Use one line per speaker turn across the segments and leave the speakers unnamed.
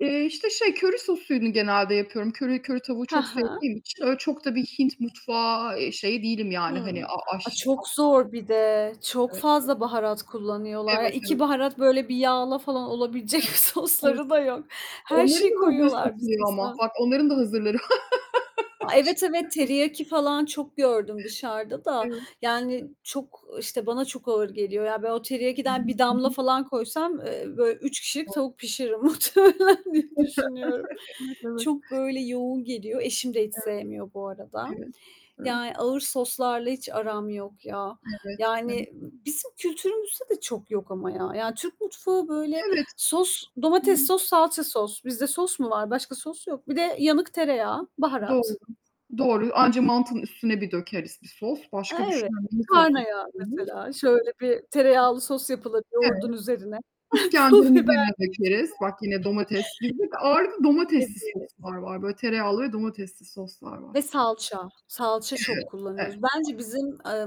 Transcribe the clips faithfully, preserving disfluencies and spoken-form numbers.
Eee, işte şey, köri sosunu genelde yapıyorum. Köri köri tavuğu
He
çok
he.
sevdiğim için öyle çok da bir Hint mutfağı, eee, şeyi değilim yani hani
Hımm.
a
A,
aşçısı
çok zor bir de.
[unintelligible]
Çok
Evet. Evet
fazla baharat kullanıyorlar. Ya,
Evet.
iki
Evet.
baharat böyle bir yağla falan olabilecek
Evet. Evet.
sosları da yok. Her
Onların
şeyi
da hazırı
koyuyorlar bir
satılıyor ama.
sosa.
Bak onların da hazırları
A, evet evet,
[unintelligible]
teriyaki falan çok gördüm dışarıda da
Evet,
yani
hı.
çok, işte, bana çok ağır geliyor. Ya, ben o
Hı hı.
teriyakidon bir
Hı
damla
hı.
falan koysam, eee, be üç kişilik
Doğru.
tavuk pişiririm, muhtemelen diye düşünüyorum.
Evet. Evet.
Çok böyle yoğun geliyor. Eşim de hiç
Evet.
sevmiyor bu arada,
Evet. Evet.
yani ağır soslarla hiç aram yok ya.
Evet, evet.
Yani bizim kültürümüzde de çok yok ama ya. Ya, Türk mutfağı böyle
Evet.
sos, domates sos, salça sos. Bizde sos mu var? Başka sos yok. Bir de yanık tereyağı,
Doğru,
baharat.
doğru, anca mantının üstüne bir dökeriz bir sos,
A
başka
evet.
düşünen yok
Karna
soslu.
yağı
[unintelligible]
mesela, şöyle bir tereyağlı sos yapılır
Evet,
yoğurdun üzerine. Pul biber.
iskenderimize de dökeriz,
[unintelligible]
bak yine domates değil. Ağırlıklı domatesli
Evet.
soslar var, böyle tereyağlı ve domatesli soslar
Ve
var.
salça. Salça çok
Evet, evet.
kullanıyoruz.
[unintelligible]
Bence bizim, eee,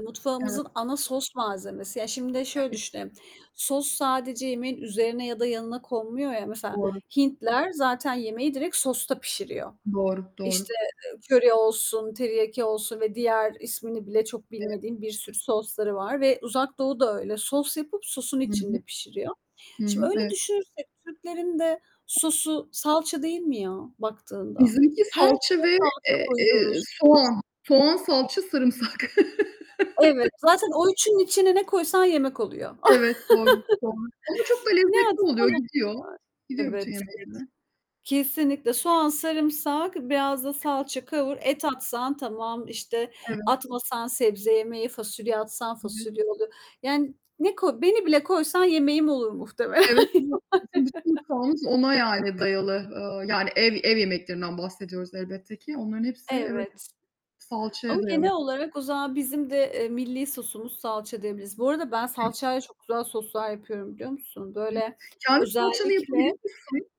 Evet.
mutfağımızın ana sos malzemesi. Ya, şimdi de şöyle
Evet.
düşünelim. Sos sadece yemeğin üzerine ya da yanına konmuyor ya. Mesela
Doğru.
Hintliler zaten yemeği direkt sosta pişiriyor.
Doğru, doğru.
İşte, eee, köri olsun, teriyaki olsun ve diğer ismini bile çok
Evet.
bilmediğim bir sürü sosları var ve Uzak Doğu da öyle. Sos yapıp sosun
Hı hı.
içinde pişiriyor.
Hı
Şimdi
hı.
öyle
Evet.
düşünürsek, Türklerin de sosu salça değil mi ya baktığında?
Bizimki
Her
salça
şeye
ve,
salça
eee, eee,
koyuyoruz.
soğan. Soğan, salça, sarımsak.
Evet. Zaten o üçünün içine ne koysan yemek oluyor.
Evet, doğru soğan. Ama çok da
Ne
lezzetli
atsan
oluyor,
oluyor.
gidiyor. Gidiyor bütün
Evet.
yemeklerine.
Kesinlikle soğan,
[unintelligible]
sarımsak, biraz da salça
[unintelligible]
kavur, et atsan tamam, işte
Evet.
atmasan sebze yemeği, fasulye atsan
Evet.
fasulye olur. Yani ne koy beni bile koysan yemeğim olur muhtemelen yani.
Evet, evet. Bizim bütün mutfağımız ona yani dayalı, eee, yani ev ev yemeklerinden bahsediyoruz elbette ki. Onların hepsi evet
Evet.
salçaya
Ama
dayalı.
genel olarak o zaman bizim de, eee, milli sosumuz salça diyebiliriz. Bu arada ben
[unintelligible]
salçayla çok güzel soslar yapıyorum biliyor musun?
Evet.
Böyle
Kendin salçanı
özellikle
yapabiliyor musun?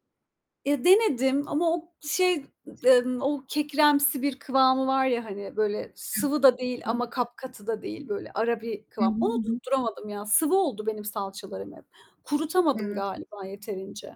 Ya, denedim ama o şey, eee, o kekremsi bir kıvamı var ya hani böyle sıvı da değil
[unintelligible]
ama kapkatı da değil böyle ara bir kıvam. Onu
[unintelligible]
tutturamadım ya. Sıvı oldu benim salçalarım hep. Kurutamadım
Evet.
galiba yeterince.